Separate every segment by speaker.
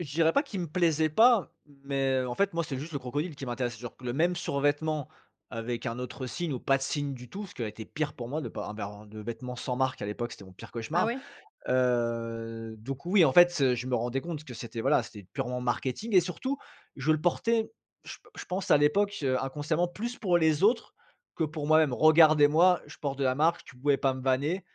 Speaker 1: Je dirais pas qu'il me plaisait pas, mais en fait moi c'est juste le crocodile qui m'intéressait, genre q le même survêtement avec un autre signe ou pas de signe du tout. Ce qui aurait été pire pour moi de pas avoir, heu, de vêtements sans marque à l'époque, c'était mon pire
Speaker 2: Ah
Speaker 1: cauchemar.
Speaker 2: ouais.
Speaker 1: Heu, donc oui, en fait, heu, je me rendais compte que c'était voilà, c'était purement marketing. Et surtout je le portais, je p je pense à l'époque, heu, inconsciemment, plus pour les autres que pour moi-même. «Regardez-moi, je porte de la marque», tu pouvais pas me vanner,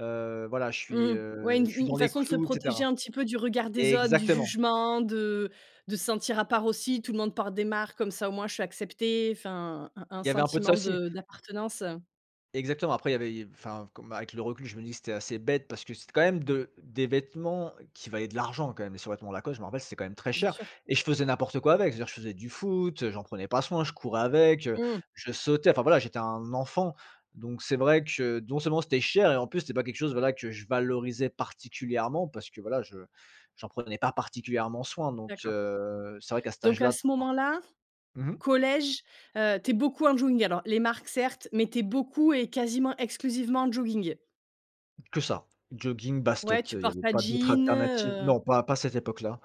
Speaker 1: heu, voilà je suis,
Speaker 2: Mmh, ouais,
Speaker 1: heu,
Speaker 2: une
Speaker 1: je
Speaker 2: f
Speaker 1: suis dans
Speaker 2: une
Speaker 1: les
Speaker 2: façon de se
Speaker 1: clous et
Speaker 2: protéger
Speaker 1: cetera.
Speaker 2: un petit peu du regard des autres, du
Speaker 1: Exactement.
Speaker 2: jugement, de de se sentir à part aussi. Tout le monde porte des marques comme ça au moins, je suis accepté. Enfin, un un
Speaker 1: Il y avait un peu de ça
Speaker 2: sentiment
Speaker 1: aussi.
Speaker 2: de d'appartenance.
Speaker 1: Exactement. Après, il y avait, heu, enfin f comme, bah, avec le recul, je me dis que c'était assez bête parce que c'était quand même de des vêtements qui valaient de l'argent quand même. Les survêtement Lacoste je m'en rappelle, c'était quand même très
Speaker 2: Bien
Speaker 1: cher
Speaker 2: sûr.
Speaker 1: et je faisais n'importe quoi avec. Je veux dire, je faisais du foot, heu, j'en prenais pas soin, je courais avec, heu,
Speaker 2: Mmh.
Speaker 1: je sautais enfin voilà, j'étais un enfant. Donc c'est vrai que non seulement c'était cher et en plus c'était pas quelque chose voilà, que je valorisais particulièrement. Parce que voilà, je j'en prenais pas particulièrement soin donc,
Speaker 2: D'accord.
Speaker 1: heu. C'est vrai qu'à cet âge
Speaker 2: Donc à
Speaker 1: là
Speaker 2: ce moment-là,
Speaker 1: [unintelligible] Mmh mh.
Speaker 2: collège, heu, tu es beaucoup en jogging. Alors les marques, certes, mais tu es beaucoup et quasiment exclusivement en jogging.
Speaker 1: Que ça. Jogging,
Speaker 2: Ouais,
Speaker 1: baskets,
Speaker 2: tu
Speaker 1: heu, il y
Speaker 2: portes
Speaker 1: avait
Speaker 2: pas de
Speaker 1: pas d'autres
Speaker 2: jeans,
Speaker 1: alternatives.
Speaker 2: heu.
Speaker 1: Non, pas pas cette époque là.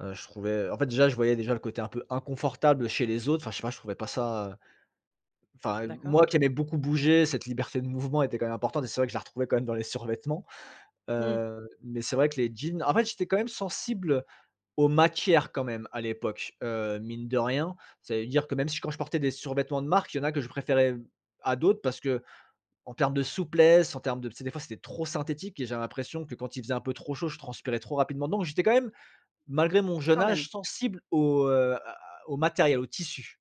Speaker 1: Heu, je trouvais en fait déjà, je voyais déjà, le côté un peu inconfortable chez les autres. Enfin je sais pas, je trouvais pas ça enfin
Speaker 2: D'accord.
Speaker 1: moi qui aimais beaucoup bouger, cette liberté de mouvement était quand même importante et c'est vrai que je la retrouvais quand même dans les survêtements.
Speaker 2: Mmh.
Speaker 1: Heu, mais c'est vrai que les jeans en fait j'étais quand même sensible, aux matières quand même à l'époque, heu, mine de rien. Ça veut dire que même si quand je portais des survêtements de marque, il y en a que je préférais, hem, à d'autres parce qu'en termes de souplesse, en termes de tu sais? Des fois c'était trop synthétique et j'avais l'impression que quand il faisait un peu trop chaud, je transpirais trop rapidement dedans. Donc j'étais quand même, malgré mon jeune
Speaker 2: Quand même.
Speaker 1: âge, sensible aux, heu, à à aux matériels, aux tissus.